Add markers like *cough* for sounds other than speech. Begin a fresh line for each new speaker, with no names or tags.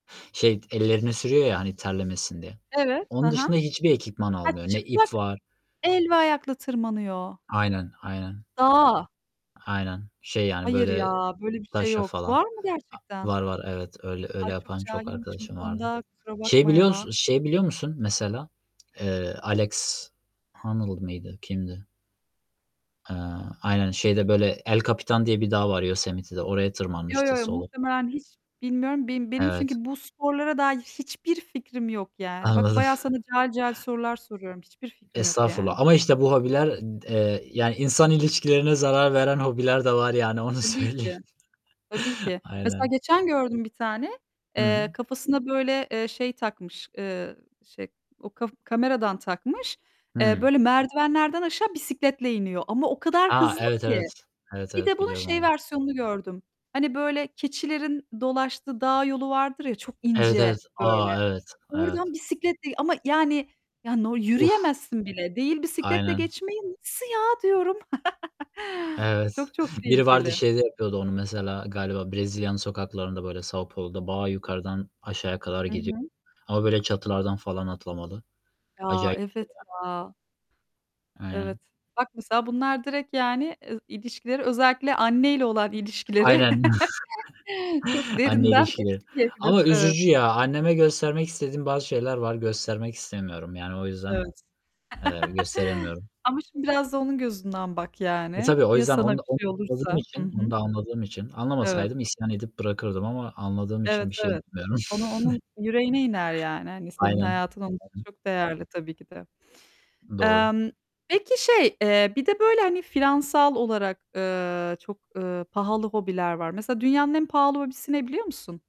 Şey, ellerine sürüyor ya, hani terlemesin diye.
Evet. Hı
Onun
hı.
dışında hiçbir ekipman
Ha,
almıyor. Ne
çıplak
ip var
el ve ayakla tırmanıyor!
Aynen, aynen.
Dağa?
Aynen. Şey, yani,
Hayır ya,
böyle
böyle bir şey
taşa
yok.
falan.
Var mı
A
gerçekten?
Var var, evet, öyle öyle
Ay, çok
yapan çok
cahilmişim bu
arkadaşım vardı.
konuda, kusura
Şey
bakma
biliyor
ya.
musun şey biliyor musun mesela? Eee, Alex Honnold mıydı? Kimdi? Eee, aynen, şeyde böyle, El Capitan diye bir dağ var Yosemite'de, oraya
Yo,
tırmanmıştı
yo, yo,
solo.
muhtemelen hiç bilmiyorum. Beni benim
Evet.
çünkü bu sporlara dair hiçbir fikrim yok yani. Bak
Anladım.
bayağı sana cahil cahil sorular soruyorum. Hiçbir fikrim yok
Estağfurullah,
yani.
ama işte, bu hobiler, d eee, yani, insan ilişkilerine zarar veren hobiler de var yani, onu
Tabii
söyleyeyim.
ki. Tabii ki.
*chuckles*
Mesela,
Aynen.
geçen gördüm bir tane,
Hı
eee,
hı.
kafasına böyle, eee, şey takmış, eee, şey, o kaf kameradan takmış. Eee,
Hıı.
böyle merdivenlerden aşağı bisikletle iniyor ama o kadar
Ha,
hızlı
evet,
ki.
evet, evet,
Bir de,
evet,
bunun
biliyorum
şey
onu.
versiyonunu gördüm, hani, böyle, keçilerin dolaştığı dağ yolu vardır ya çok
Evet,
ince
evet.
böyle.
A! Evet, evet.
Oradan bisikletle ama yani, ya, no
Uf!
yürüyemezsin bile. Değil bisikletle
Aynen.
geçmeyi, "Nasıl ya?" diyorum. *laughs*
Evet,
Çok çok
biri vardı,
tehlikeli.
şeyde yapıyordu onu mesela, galiba Brezilya'nın sokaklarında, böyle, São Paulo'da bayağı yukarıdan aşağıya kadar
Hı
gidiyor
hı.
ama, böyle, çatılardan falan atlamalı.
Ya,
Acayip bir şey
evet
ya.
ya. Evet.
Aynen.
Bak mesela bunlar direkt, yani, eee, ilişkileri özellikle anneyle olan ilişkileri,
Aynen.
*laughs* çok
*chuckles* Anneyle
derinden
ilişkili.
etkileyebilir.
Ama
Evet.
üzücü ya, anneme göstermek istediğim bazı şeyler var, göstermek istemiyorum yani, o
Evet.
yüzden,
*laughs*
eee, gösteremiyorum.
Ama, şimdi biraz da onun gözünden bak
E,
yani.
tabii, o
Ya
yüzden
sana
onu da,
bir şey olursa?
*unintelligible*
Hı
için,
hı.
onu da anladığım için,
Evet.
anlamasaydım isyan edip bırakırdım ama anladığım
Evet,
için bir şey
evet.
demiyorum.
Onu onun
*chuckles*
yüreğine iner yani, hani, senin
Aynen.
hayatın onun için
*unintelligible*
çok değerli tabii ki de.
Doğru.
Emm, peki, şey, eee, bir de böyle, hani, finansal olarak, eee, çok, eee, pahalı hobiler var. Mesela dünyanın en pahalı hobisi ne, biliyor musun?